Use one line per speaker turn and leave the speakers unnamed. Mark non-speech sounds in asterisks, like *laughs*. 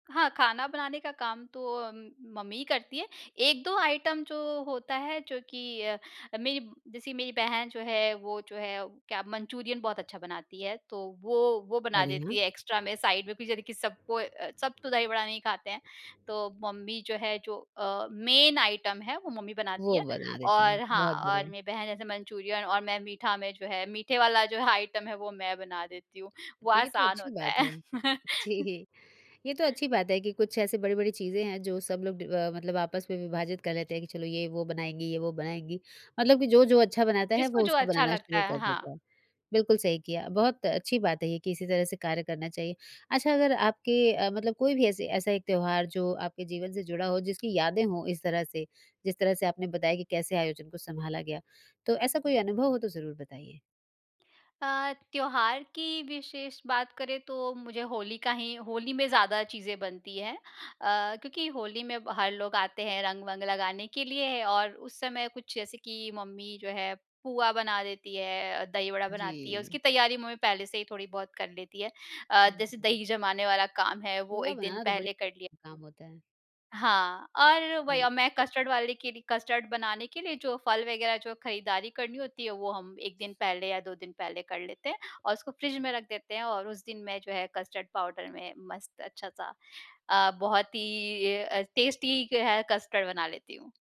हाँ, खाना बनाने का काम तो अम, मम्मी ही करती है, 1-2 आइटम जो होता है, जो कि अ अ, मेरी, जैसी मेरी बहन जो है वो जो है, क्या मंचूरियन बहुत अच्छा बनाती है, तो वो वो बना
बढ़िया।
देती है एक्स्ट्रा में, साइड में, फिर जाने कि सब कोई अ, सब तो दही बड़ा नहीं खाते हैं। तो मम्मी जो है जो अ, मेन आइटम है वो मम्मी बनाती
वो
है,
बना देती है,
और हाँ
बहुत
और
बढ़िया।
मेरी बहन जैसे मंचूरियन और मैं मीठा में जो है, मीठे वाला जो है आइटम है वो मैं बना देती हूँ, वो
तो ये तो
आसान
अच्छी
होता
बात
है।
है,
*laughs*
जी। ये तो अच्छी बात है कि कुछ ऐसी बड़ी-बड़ी चीज़ें हैं जो सब लोग डिव अ, मतलब आपस में विभाजित कर लेते हैं, कि चलो ये वो बनाएँगी ये वो बनाएँगी मतलब कि जो-जो अच्छा बनाता है,
जिसको
वो
जो
उसको
अच्छा
बनाना
लगता
शुरू
है,
कर
हाँ।
देता है। बिल्कुल सही किया, बहुत अच्छी बात है ये कि इसी तरह से कार्य करना चाहिए। अच्छा अगर आपके अ, मतलब कोई भी ऐसे ऐसा एक त्योहार जो आपके जीवन से जुड़ा हो, जिसकी यादें हों इस तरह से, जिस तरह से आपने बताया कि कैसे आयोजन को सँभाला गया? तो ऐसा कोई अनुभव हो तो ज़रूर बताइए।
अ, त्योहार की विशेष बात करें तो मुझे होली का ही होली में ज़्यादा चीज़ें बनती हैं। अ, क्योंकि होली में ब हर लोग आते हैं, रंग-वंग लगाने के लिए और उस समय कुछ जैसे कि मम्मी जो है, पुआ बना देती है, दही बड़ा बनाती है, उसकी
जी।
तैयारी मम्मी पहले से ही थोड़ी-बहुत कर लेती है। अ,
हुँ,
जैसे
हुँ।
दही जमाने वाला काम है, वो
पुआ
1 दिन
बनाना तो बड़ी
पहले कर लिया।
काम होता है।
हाँ और वही अब
जी।
मैं कस्टर्ड वाले के लिए कस्टर्ड बनाने के लिए जो फल वगैरह जो है खरीदारी करनी होती है, वो हम 1 दिन पहले या 2 दिन पहले कर लेते हैं और उसको फ्रिज में रख देते हैं। और उस दिन मैं जो है कस्टर्ड पाउडर में मस्त अच्छा-सा अ, बहुत ही ए अ, टेस्टी क है कस्टर्ड बना लेती हूँ।